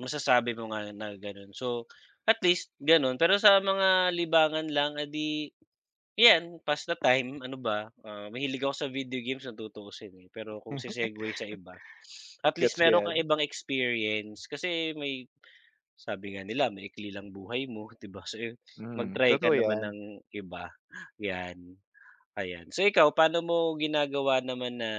Masasabi mo nga na gano'n, so at least gano'n. Pero sa mga libangan lang eh di, 'yan pass the time, ano ba, ah, mahilig ako sa video games kung tutuusin eh. Pero, kung se-segwey sa iba at least Gets ko meron kang 'yan. ibang experience kasi may sabi nga nila maikli lang buhay mo 'di ba, so Hmm, mag-try ka totoo naman 'yan. ng iba 'yan, ayan. So ikaw pa'no mo ginagawa naman na,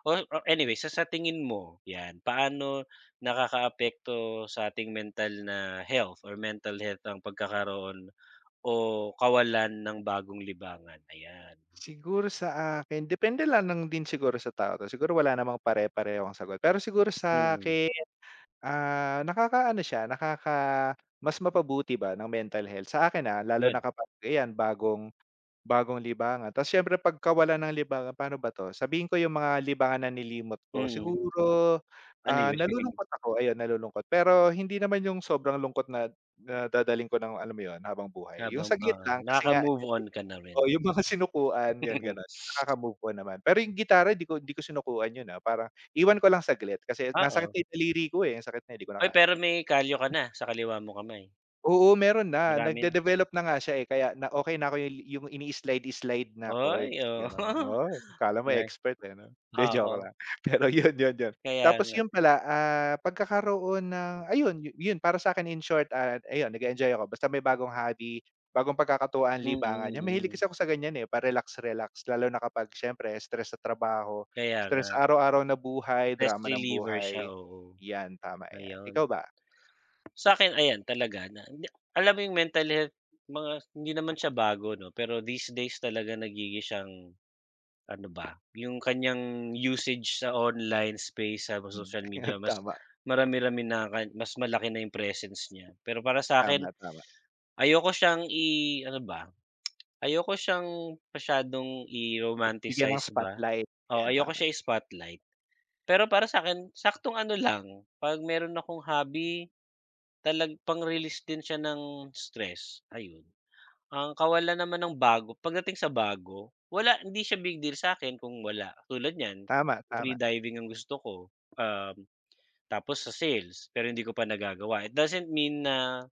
oh, or anyway, sa sa tingin mo 'yan, paano nakakaapekto sa ating mental na health or mental health ang pagkakaroon o kawalan ng bagong libangan? Ayan. Siguro sa akin, depende lang ng din siguro sa tao 'to, siguro wala namang pare-parehong sagot. Pero siguro Mm. sa'kin, ah, nakakaano siya nakaka mas mapabuti ba ng mental health, sa akin ah, lalo na 'Yun. kapag ayan, bagong bagong libangan. Ta's siyempre 'pagkawala ng libangan, pa'no ba 'to, sabihin ko 'yung mga libangan na nilimot ko. Mm. Siguro, Ano ah, 'yun? nalulungkot ako ayun nalulungkot, pero hindi naman 'yung sobrang lungkot na na dadalhin ko ng alam mo 'yun habang buhay. 'Yung Habang saglit oo, lang, kasi nakaka nga move on [unintelligible] ka na rin. oo 'yung mga sinukuan 'yun ganun, nakaka move ko naman. Pero 'yung gitara ,'di ko 'di ko sinukuan 'yun, ah, parang iwan ko lang saglit, kasi nasakit Oo. na 'yung daliri ko, eh, na sakit na 'di ko na Uy, kaya. pero may kalyo ka na, sa kaliwa mong kamay? Oo, meron na, Marami na. nagde-develop na nga siya eh kaya na okey na ako 'yung ini-slide-slide na chords Uy, oo, gano'n. Oh, kala mo na expert, eh, 'no, 'di joke oo. lang, pero 'yun, 'yun, 'yun. Kaya Tapos nga. 'yun pala, ah, pagkakaroon ng ayun 'yun para sa'kin in short at ayun nag-e-enjoy ako basta may bagong hobby, bagong pagkakatuwaan, Mm, libangan 'yan mahilig mm. kasi ako sa ganiyan eh, pa relax-relax lalo na kapag siyempre stress sa trabaho, Kaya nga. stress araw-araw na buhay, drama Stress ng reliever siya buhay, oo, 'yan tama 'yan. ayun. Ikaw ba? Sa'kin ayan talaga na na alam mo 'yung mental health mga hindi naman siya bago 'no. Pero these days talaga nagiging siyang, ano ba, 'yung kanyang usage sa online space sa Hmm, social ayan media mas tama. marami-rami na, ka mas malaki na 'yung presence niya. Pero para sa'kin, Tama, tama. ayoko siyang i-ano ba, ayoko siyang masyadong Bigyan ng i-romanticize ba, spotlight, o ayan ayoko tama. siya i-spotlight. Pero para sa'kin saktong ano lang, 'pag meron akong hobby, talag pang release din siya ng stress ayun. Ang kawalan naman ng bago pagdating sa bago, wala, hindi siya big deal sa'kin kung wala, tulad niyan Tama, free tama. diving ang gusto ko, um, tapos sa sales, pero hindi ko pa nagagawa. It doesn't mean na